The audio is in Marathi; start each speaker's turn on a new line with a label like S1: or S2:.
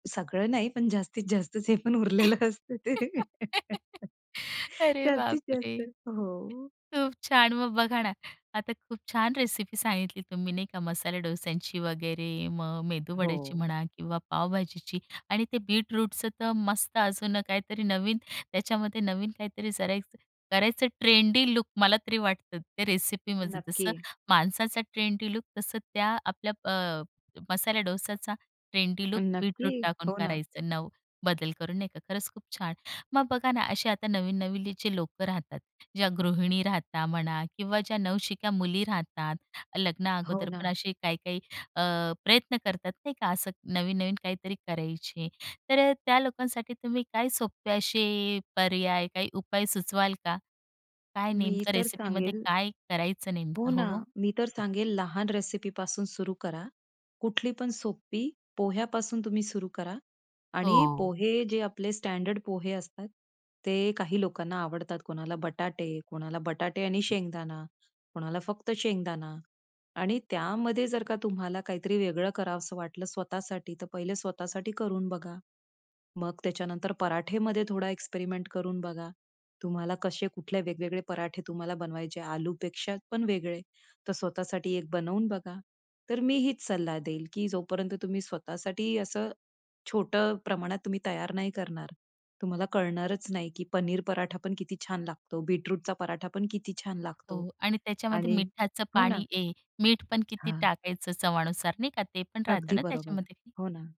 S1: सगळं नाही पण जास्तीत जास्तच हे पण उरलेलं असतं ते.
S2: अरे
S1: जास्तीत
S2: बापरे!
S1: जास्त हो.
S2: खूप छान मग बघा ना, आता खूप छान रेसिपी सांगितली तुम्ही नाही का, मसाले डोश्यांची वगैरे, मग मेदूवड्याची
S1: हो.
S2: म्हणा किंवा पावभाजीची आणि ते बीटरूटचं तर मस्त अजून काहीतरी नवीन त्याच्यामध्ये नवीन काहीतरी करायचं, करायचं ट्रेंडी लूक मला तरी वाटतं त्या रेसिपीमध्ये. जसं
S1: नक्की.
S2: माणसाचा ट्रेंडी लूक तसं त्या आपल्या अ, मसाल्या डोस्याचा ट्रेंडी लूक बीटरूट
S1: नक्की,
S2: टाकून
S1: हो ना.
S2: करायचं. नव बदल करून नाही का, खरंच खूप छान. मग बघा ना असे आता नवीन नवीलीची लोकं राहतात, ज्या गृहिणी राहता म्हणा किंवा ज्या नवशिक्या मुली राहतात, लग्ना
S1: हो
S2: अगोदर पण
S1: ना.
S2: असे काही-काही अ, प्रयत्न करतात नाही का, असं नवीन-नवीन काहीतरी करायचे, तर अ, त्या लोकांसाठी तुम्ही काय सोपे असे पर्याय काय उपाय सुचवाल का? काय
S1: मी
S2: नेमकं
S1: तर
S2: रेसिपीमध्ये
S1: सांगेल
S2: काय करायचं
S1: हो
S2: नेमकं? हो,
S1: ना,
S2: हो.
S1: मी तर सांगेल लहान रेसिपी पासून सुरु करा. कुठली पण सोपी पोह्यापासून तुम्ही सुरु करा आणि
S2: हो.
S1: पोहे जे आपले स्टँडर्ड पोहे असतात. ते काही लोकांना आवडतात कोणाला बटाटे, कोणाला बटाटे आणि शेंगदाणा, कोणाला फक्त शेंगदाणा आणि त्यामध्ये जर का तुम्हाला काहीतरी वेगळं करावसं वाटलं स्वतःसाठी, तर पहिले स्वतःसाठी करून बघा. मग त्याच्यानंतर पराठेमध्ये थोडा एक्सपेरिमेंट करून बघा. तुम्हाला कसे कुठले वेगवेगळे पराठे तुम्हाला बनवायचे, आलूपेक्षा पण वेगळे तर स्वतःसाठी एक बनवून बघा. तर मी हीच सल्ला देईल, की जो पर्यंत तुम्ही स्वतःसाठी असं छोटं प्रमाणात तुम्ही तयार नाही करणार. तुम्हाला कळणारच नाही की पनीर पराठापण किती छान लागतो. बीटरूटचा पराठापण किती छान लागतो.
S2: हो आणि त्याच्यामध्ये
S1: आणि
S2: मीठाचं
S1: हो ना.
S2: पाणी हे. मीठपण किती
S1: हां.
S2: टाकायचं चवानुसार नाही का, ते पण राहत
S1: अगदी
S2: ना
S1: बरोबर,
S2: त्याच्यामध्ये?
S1: हो ना.